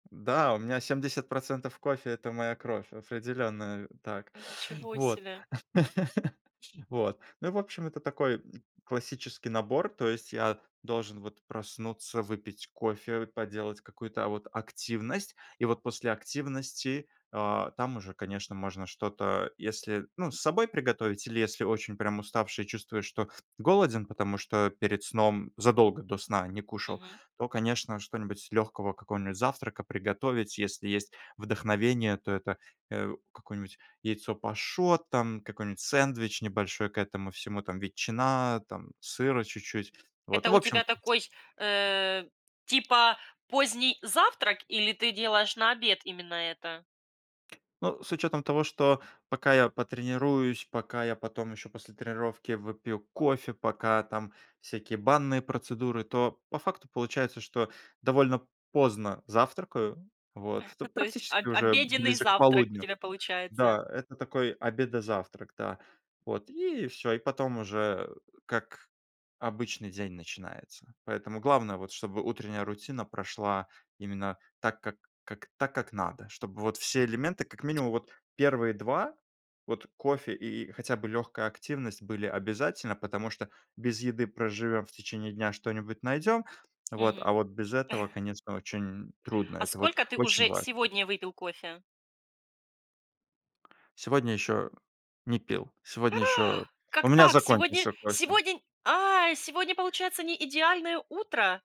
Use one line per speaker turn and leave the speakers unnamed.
Да, у меня 70 % кофе- это моя кровь, определенно, э, так.
М, ничего
Вот.
себе!
Вот. Ну, в общем, это такой классический набор. То есть я должен вот проснуться, выпить кофе, поделать какую-то, а, вот активность. И вот после активности, а, там уже, конечно, можно что-то если, ну, с собой приготовить, или если очень прям уставший, чувствуешь, что голоден, потому что перед сном задолго до сна не кушал,
Мгм.
то, конечно, что-нибудь легкого, какого-нибудь завтрака приготовить. Если есть вдохновение, то это, э, какое-нибудь яйцо пашот, там какой-нибудь сэндвич небольшой к этому всему, там ветчина, там сыра чуть-чуть. Вот,
Это
ну в
у тебя
общем.
такой, э, типа поздний завтрак или ты делаешь на обед именно это?
Ну, с учетом того, что пока я потренируюсь, пока я потом еще после тренировки выпью кофе, пока там всякие банные процедуры, то по факту получается, что довольно поздно завтракаю.
Э.
Вот. То
То есть об
практически уже
обеденный
ближе к
завтрак у
полудню.
тебя получается?
Да. Это такой обедо-завтрак, да. Вот и всё. И потом уже как обычный день начинается. Поэтому главное, вот чтобы утренняя рутина прошла именно так как как так как надо. Чтобы вот все элементы, как минимум вот 1 2- вот кофе и хотя бы легкая активность были обязательно, потому что без еды проживем в течение дня, что-нибудь найдем. Вот. А
Мгм.
вот без этого, конечно, очень трудно.
А
Это вот
сколько ты
очень
уже
важно.
сегодня выпил кофе?
Сегодня еще не пил. Сегодня еще
А!
у
Как
меня
так? Сегодня
закончился кофе.
сегодня не а, сегодня получается не идеальное утро?